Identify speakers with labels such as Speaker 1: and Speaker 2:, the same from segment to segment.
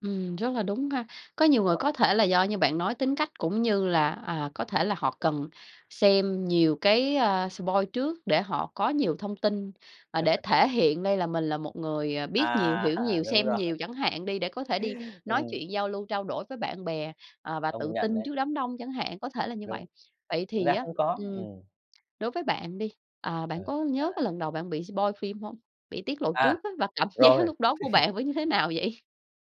Speaker 1: Ừm, rất là đúng ha, có nhiều
Speaker 2: Đúng
Speaker 1: người
Speaker 2: rồi.
Speaker 1: có thể là do như bạn nói tính cách cũng như là, à, có thể là họ cần xem nhiều cái, a, spoil trước để họ có nhiều thông tin, à, để thể hiện đây là mình là một người, à, biết nhiều,
Speaker 2: À,
Speaker 1: hiểu nhiều,
Speaker 2: đúng
Speaker 1: xem
Speaker 2: rồi.
Speaker 1: nhiều chẳng hạn đi để có thể đi nói
Speaker 2: Ừm.
Speaker 1: chuyện giao lưu, trao đổi với bạn bè, ờ, và
Speaker 2: Công
Speaker 1: tự
Speaker 2: nhận
Speaker 1: tin
Speaker 2: đấy.
Speaker 1: trước đám đông chẳng hạn, có thể là như vậy.
Speaker 2: Đúng.
Speaker 1: Vậy
Speaker 2: Thực
Speaker 1: thì
Speaker 2: ra
Speaker 1: á,
Speaker 2: cũng có,
Speaker 1: ừm,
Speaker 2: ừm.
Speaker 1: đối với bạn đi, ờ, bạn
Speaker 2: Ờ.
Speaker 1: có
Speaker 2: Ra
Speaker 1: nhớ
Speaker 2: là
Speaker 1: cái lần đầu bạn bị spoil phim hông? Bị tiết lộ
Speaker 2: À.
Speaker 1: trước á và cảm giác
Speaker 2: Rồi.
Speaker 1: lúc đó của bạn với như thế nào vậy?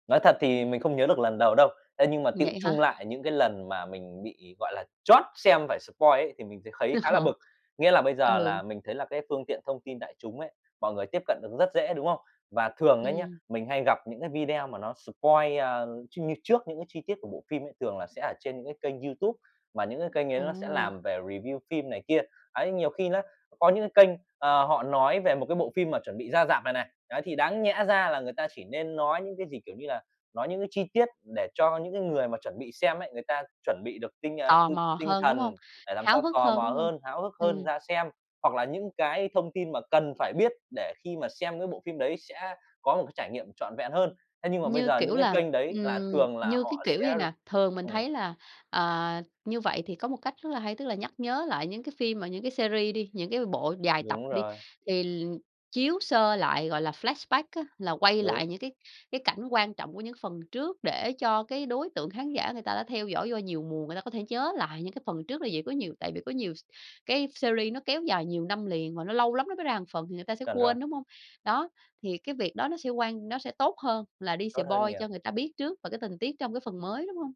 Speaker 2: Nói thật thì mình không nhớ được lần đầu đâu, thế nhưng mà tựu
Speaker 1: Vậy
Speaker 2: chung
Speaker 1: hả?
Speaker 2: lại những cái lần mà mình bị, gọi là, trót xem phải spoil ấy thì mình th thấy khá là
Speaker 1: [unintelligible]
Speaker 2: bực. Nghĩa là bây giờ
Speaker 1: Ừ.
Speaker 2: là mình thấy là cái phương tiện thông tin đại chúng ấy, mọi người tiếp cận được rất dễ, đúng không? Và thường ấy nhá,
Speaker 1: Ừm.
Speaker 2: mình hay gặp những cái video mà nó spoil, à, trưng như trước những cái chi tiết của bộ phim ấy thường là sẽ ở trên những cái kênh YouTube, mà những cái kênh ấy nó sẽ
Speaker 1: Ồ!
Speaker 2: làm về review phim này kia. Đấy, nhiều khi nó có những cái kênh, ờ, họ nói về một cái bộ phim mà chuẩn bị ra rạp này này, đấy, thì đáng nhẽ ra là người ta chỉ nên nói những cái gì, kiểu như là, nói những cái chi tiết để cho những cái người mà chuẩn bị xem ấy người ta chuẩn bị được tinh, a, t
Speaker 1: Tò mò
Speaker 2: tinh
Speaker 1: hơn, đúng hông?
Speaker 2: thần để làm
Speaker 1: Háo
Speaker 2: sao
Speaker 1: hức
Speaker 2: tò
Speaker 1: hơn,
Speaker 2: mò
Speaker 1: đúng hông?
Speaker 2: hơn, háo hức hơn
Speaker 1: Ừm.
Speaker 2: ra xem, hoặc là những cái thông tin mà cần phải biết để khi mà xem cái bộ phim đấy sẽ có một cái trải nghiệm trọn vẹn hơn, thế nhưng mà bây
Speaker 1: Như
Speaker 2: giờ
Speaker 1: kiểu
Speaker 2: những cái
Speaker 1: là,
Speaker 2: kênh đấy là
Speaker 1: ừm,
Speaker 2: thường là
Speaker 1: như cái
Speaker 2: họ
Speaker 1: kiểu vậy
Speaker 2: sẽ r
Speaker 1: nè, thường mình
Speaker 2: ừm.
Speaker 1: thấy là, à, như vậy thì có một cách rất là hay, tức là nhắc nhớ lại những cái phim mà những cái series đi, những cái bộ dài tập
Speaker 2: Đúng
Speaker 1: đi
Speaker 2: rồi.
Speaker 1: thì l chiếu sơ lại gọi là flashback á là quay
Speaker 2: Đúng.
Speaker 1: lại những cái cái cảnh quan trọng của những phần trước để cho cái đối tượng khán giả người ta đã theo dõi do nhiều mùa người ta có thể nhớ lại những cái phần trước là vậy. Có nhiều tại vì có nhiều s cái series nó kéo dài nhiều năm liền và nó lâu lắm nó mới ra một phần thì người ta sẽ
Speaker 2: Chuẩn rồi.
Speaker 1: quên đúng hông? Đó, thì cái việc đó nó sẽ quan nó sẽ tốt hơn là đi
Speaker 2: Tốt hơn
Speaker 1: spoil
Speaker 2: nhiều.
Speaker 1: cho người ta biết trước và cái tình tiết trong cái phần mới, đúng hông?